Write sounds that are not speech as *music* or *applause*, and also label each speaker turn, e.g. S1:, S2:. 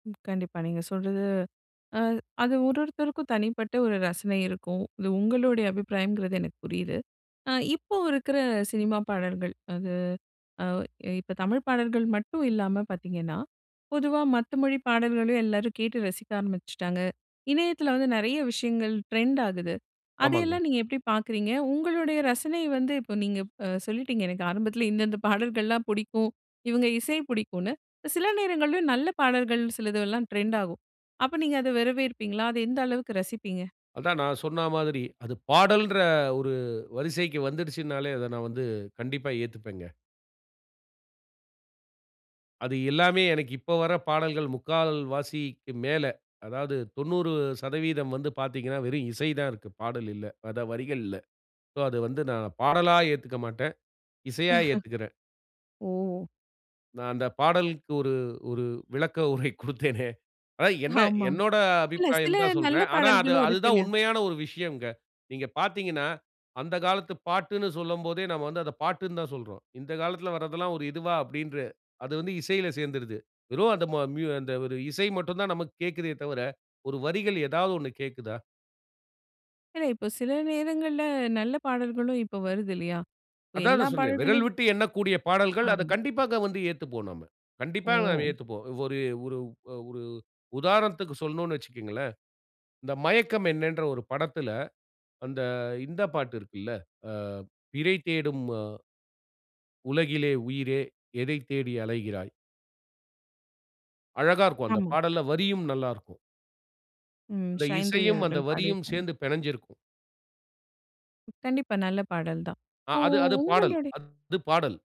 S1: ம். கண்டிப்பா. நீங்க சொல்றது அ அது ஒருவொருத்தருக்கும் தனிப்பட்ட ஒரு ரசனை இருக்கும். இது உங்களுடைய அபிப்பிராயம்ங்கிறது எனக்கு புரியுது. அ இப்போ இருக்கிற சினிமா பாடல்கள், அது அ இப்போ தமிழ் பாடல்கள் மட்டும் இல்லாம பாத்தீங்கன்னா, பொதுவா மத்த மொழி பாடல்களையும் எல்லாரும் கேட்டு ரசிக்க ஆரம்பிச்சுட்டாங்க. இணையத்தில வந்து நெறைய விஷயங்கள் ட்ரெண்ட் ஆகுது.
S2: ஆமாங்க.
S1: அதையெல்லாம் நீங்க எப்டி பாக்குறீங்க? உங்களுடைய ரசனை வந்து இப்போ நீங்க ப சொல்லிட்டீங்க. எனக்கு ஆரம்பத்தில இந்த இந்த பாடல்கள்லாம் புடிக்கும். இவுங்க இசை பிடிக்குன்னு. சில நேரங்கள்லயும் நல்ல பாடல்கள் சிலதெல்லாம் ட்ரெண்ட் ஆகும். அப்போ நீங்க அதை வரவேற்பீங்களா? அத எந்த அளவுக்கு ரசிப்பீங்க?
S2: அதான் நான் சொன்னா மாதிரி, அது பாடல்ன்ற ஒரு வரிசைக்கு வந்துடுச்சுன்னாலே, அத நான் வந்து கண்டிப்பா ஏத்துப்பேங்க. அது எல்லாமே எனக்கு இப்போ வர்ற பாடல்கள் 3/4 வாசிக்கு மேல, அதாவது 90% வந்து பாத்தீங்கன்னா, வெறும் இசை தான் இருக்கு, பாடல் இல்ல அதான் வரிகள் இல்ல. சோ அது வந்து நான் பாடலா ஏத்துக்க மாட்டேன். இசையா ஏத்துக்கறேன்.
S1: *chuckles* ஓ!
S2: நான் அந்த பாடலுக்கு ஒரு ஒரு விளக்க உரை குடுத்தேனே! அதான் என்ன
S1: ஆமா.
S2: என்னோட
S1: இல்ல சில
S2: அபிப்பிராயன்னு தான்
S1: நல்ல
S2: சொல்றேன். ஆனா அது
S1: பாடல்களும்
S2: அது
S1: இருக்கு
S2: தான்
S1: இல்லையா!
S2: உண்மையான ஒரு விஷயம்ங்க. நீங்க பாத்தீங்கன்னா, அந்த காலத்து பாட்டுன்னு சொல்லும்போதே, நாம வந்து அத பாட்டுன்னு தான் சொல்றோம். "இந்த காலத்தில வர்றதெல்லாம் ஒரு இதுவா?" அப்படின்ற அது வந்து இசையில சேந்துருது. வெறும் அந்த ம மியூ அந்த ஒரு இசை மட்டும் தான் நமக்கு கேக்குதே தவிர, ஒரு வரிகள் ஏதாவது ஒண்ணு கேட்குதா?
S1: இல்ல, இப்போ சில நேரங்கள்ல நல்ல பாடல்களும் இப்போ வருது இல்லையா, இப்போ
S2: அதான் அத
S1: எல்லா
S2: சொன்னேன். விரல்
S1: பாடல்களையும்
S2: விட்டு எண்ணக்கூடிய பாடல்கள், அத
S1: ஆமா.
S2: கண்டிப்பாக வந்து ஏத்துப்போம் நம்ம. கண்டிப்பா நாம
S1: ஓ!
S2: ஏத்துப்போம். ஒரு ஒரு ஒரு உதாரணத்துக்கு சொல்லணும்ன்னு வச்சுக்கோங்களேன், இந்த மயக்கம் என்னன்ற ஒரு படத்துல, அந்த இந்த பாட்டு இருக்குல, ஆ பிறை தேடும் அ உலகிலே உயிரே எதைத் தேடி அலைகிறாய்? அழகா இருக்கும். அந்தப்
S1: ஆமா.
S2: பாடல்ல வரியும் நல்லா இருக்கும்.
S1: ம்.
S2: அந்த
S1: சைந்தவி
S2: இசையும், அந்த
S1: அவர்கள்
S2: வரியும்
S1: பாடியிருப்பாங்க.
S2: சேந்து பெனஞ்சிருக்கும்.
S1: கண்டிப்பா, நல்ல பாடல் தான்.
S2: அ
S1: இப்போ
S2: அது அது பாடல்.
S1: உங்களுடை
S2: அது பாடல்.